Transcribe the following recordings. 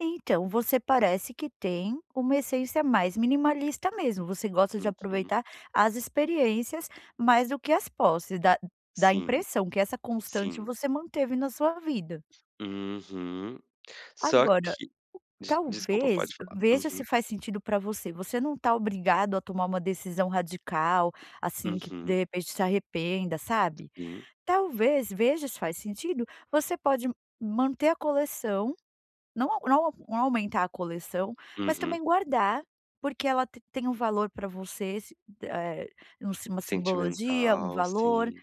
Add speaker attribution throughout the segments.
Speaker 1: Então, você parece que tem uma essência mais minimalista mesmo, você gosta de
Speaker 2: Uhum.
Speaker 1: aproveitar as experiências mais do que as posses, dá dá
Speaker 2: Sim.
Speaker 1: impressão que essa constante
Speaker 2: Sim.
Speaker 1: você manteve na sua vida.
Speaker 2: Uhum. Só
Speaker 1: Agora,
Speaker 2: que des desculpa,
Speaker 1: talvez,
Speaker 2: pode falar.
Speaker 1: veja
Speaker 2: Uhum.
Speaker 1: se faz sentido pra você, você não está obrigado a tomar uma decisão radical, assim, que de
Speaker 2: Uhum.
Speaker 1: repente se arrependa, sabe,
Speaker 2: Sim.
Speaker 1: talvez, veja se faz sentido, você pode manter a coleção, não não não aumentar a coleção, mas
Speaker 2: Uhum.
Speaker 1: também guardar, porque ela te tem um valor pra você, sim eh, um uma simbologia, um
Speaker 2: Sentimental,
Speaker 1: valor,
Speaker 2: sim.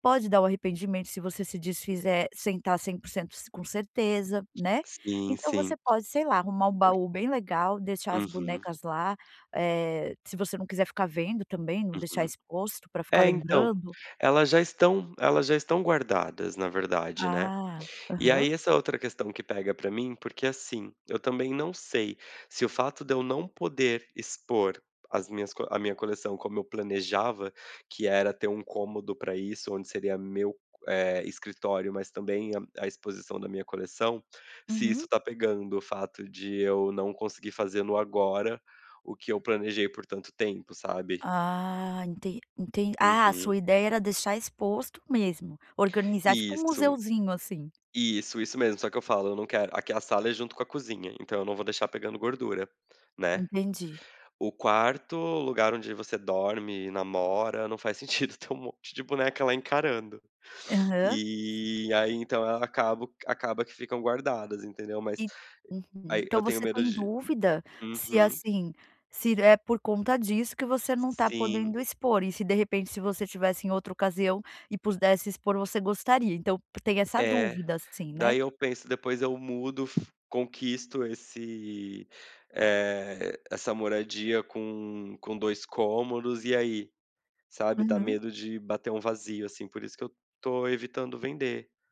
Speaker 1: pode dar o arrependimento se você se desfizer sem está 100% s com certeza, né.
Speaker 2: Sim,
Speaker 1: Então você
Speaker 2: sim.
Speaker 1: pode, sei lá, arrumar um
Speaker 2: Por
Speaker 1: baú bem legal, deixar as
Speaker 2: Uhum.
Speaker 1: bonecas lá, eh, se você não quiser ficar vendo, também, não deixar
Speaker 2: Uhum.
Speaker 1: exposto, pra ficar
Speaker 2: É, então,
Speaker 1: lembrando.
Speaker 2: elas já estão elas já estão guardadas na verdade, né,
Speaker 1: Ah.
Speaker 2: e
Speaker 1: Aham.
Speaker 2: aí essa outra questão que pega pra mim, porque, assim, eu também não sei se o fato de eu não poder expor as minhas a minha coleção como eu planejava, que era ter um cômodo pra isso, onde seria meu, eh, escritório, mas também a a exposição da minha coleção, se isso
Speaker 1: Uhum.
Speaker 2: está pegando o fato de eu não conseguir fazer no agora o que eu planejei por tanto tempo, sabe.
Speaker 1: Ah, enten enten Ah, a
Speaker 2: Uhum.
Speaker 1: sua ideia era deixar exposto mesmo, organizar tipo 1
Speaker 2: Isso.
Speaker 1: museuzinho, assim?
Speaker 2: Isso, isso mesmo. Só que eu falo: "Não quero", aqui a sala é junto com a cozinha, então eu não vou deixar pegando gordura, né.
Speaker 1: Entendi.
Speaker 2: O quarto, lugar onde você dorme, namora, não faz sentido ter um monte de boneca lá encarando.
Speaker 1: Aham.
Speaker 2: E aí, então, acabo acaba que ficam guardadas, entendeu. Mas e
Speaker 1: E uhum.
Speaker 2: aí
Speaker 1: Então
Speaker 2: eu tenho
Speaker 1: você tá
Speaker 2: medo
Speaker 1: em
Speaker 2: de
Speaker 1: dúvida se,
Speaker 2: uhum.
Speaker 1: assim, se é por conta disso que você não está
Speaker 2: Sim.
Speaker 1: podendo expor, e se, de repente, se você tivesse em outra ocasião e pudesse expor, você gostaria. Então tem essa
Speaker 2: É,
Speaker 1: dúvida assim, né.
Speaker 2: daí eu penso: "Depois eu mudo, fi conquisto esse, eh, essa moradia com com 2 cômodos, e aí?", sabe, dá
Speaker 1: Uhum.
Speaker 2: medo de bater um vazio, assim, por isso que eu estou evitando vender.